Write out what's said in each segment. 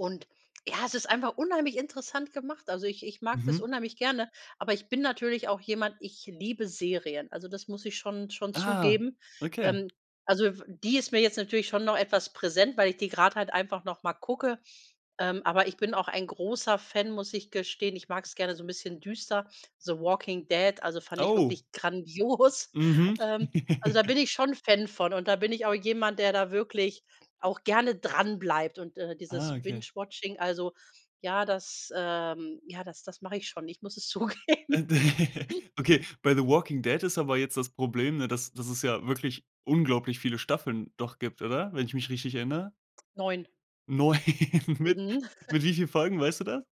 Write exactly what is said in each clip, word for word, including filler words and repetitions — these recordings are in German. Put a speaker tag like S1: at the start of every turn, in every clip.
S1: Und ja, es ist einfach unheimlich interessant gemacht. Also ich ich mag das
S2: Mhm.
S1: unheimlich gerne, aber ich bin natürlich auch jemand, ich liebe Serien. Also das muss ich schon schon
S2: Ah,
S1: zugeben.
S2: okay.
S1: Ähm, also f die ist mir jetzt natürlich schon noch etwas präsent, weil ich die gerade halt einfach noch mal gucke. Ähm, aber ich bin auch ein großer Fan, muss ich gestehen. Ich mag's gerne so 'n bisschen düster, The Walking Dead, also fand ich
S2: Oh.
S1: wirklich grandios.
S2: Mhm.
S1: Ähm, also da bin ich schon Fan von und da bin ich auch jemand, der da wirklich auch gerne dranbleibt. Und, äh, dieses
S2: Ah okay.
S1: Binge-Watching, also ja, das, ähm ja das das mache ich schon, ich muss es zugeben.
S2: Da okay bei The Walking Dead ist aber jetzt das Problem, ne, das das es ja wirklich unglaublich viele Staffeln doch gibt, oder? Wenn ich mich richtig erinnere.
S1: neun.
S2: neun, mit
S1: Mhm.
S2: mit wie vielen Folgen, weißt du das?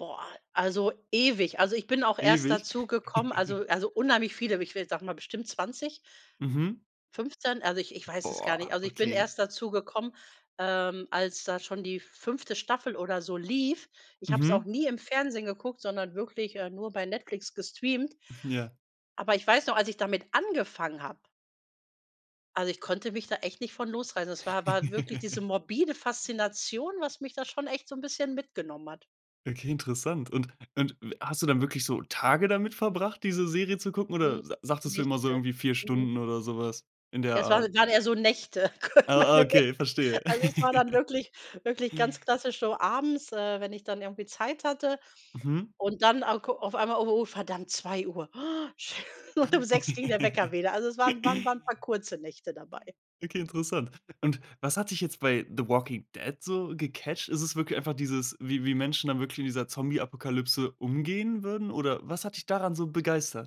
S1: Boah, also ewig. Also ich bin auch erst
S2: Ewig.
S1: dazugekommen also also unheimlich viele, aber ich will sage mal bestimmt zwanzig
S2: Mhm.
S1: fünfzehn, also ich ich weiß es gar nicht.
S2: Boah.
S1: Also ich bin
S2: Okay.
S1: erst dazugekommen, ähm, als da schon die fünfte Staffel oder so lief. Ich habe es auch
S2: Mhm.
S1: nie im Fernsehen geguckt, sondern wirklich, äh, nur bei Netflix gestreamt.
S2: Mhm, ja.
S1: Aber ich weiß noch, als ich damit angefangen habe also, ich konnte mich da echt nicht von losreißen. Es war war wirklich diese morbide Faszination, was mich da schon echt so 'n bisschen mitgenommen hat.
S2: Okay, interessant und und w hast du dann wirklich so Tage damit verbracht diese Serie zu gucken
S1: Mhm,
S2: oder sa sagtest du immer so
S1: Nächte.
S2: irgendwie vier
S1: Mhm.
S2: Stunden oder sowas in der
S1: Das
S2: Art?
S1: waren grade eher so Nächte. [unintelligible]
S2: Ah ah,
S1: Meine
S2: okay
S1: Nächte.
S2: verstehe.
S1: Also es war dann wirklich wirklich ganz klassisch so abends, äh, wenn ich dann irgendwie Zeit hatte
S2: Mhm.
S1: und dann [unintelligible] auf einmal: „Oh, oh, verdammt, zwei Uhr.“ Um sechs ging der Wecker wieder. Also es waren waren waren paar kurze Nächte dabei.
S2: Okay, interessant. Und was hat dich jetzt bei The Walking Dead so gecatcht? Ist es wirklich einfach dieses, wie wie Menschen dann wirklich in dieser Zombieapokalypse umgehen würden oder was hat dich daran so begeistert?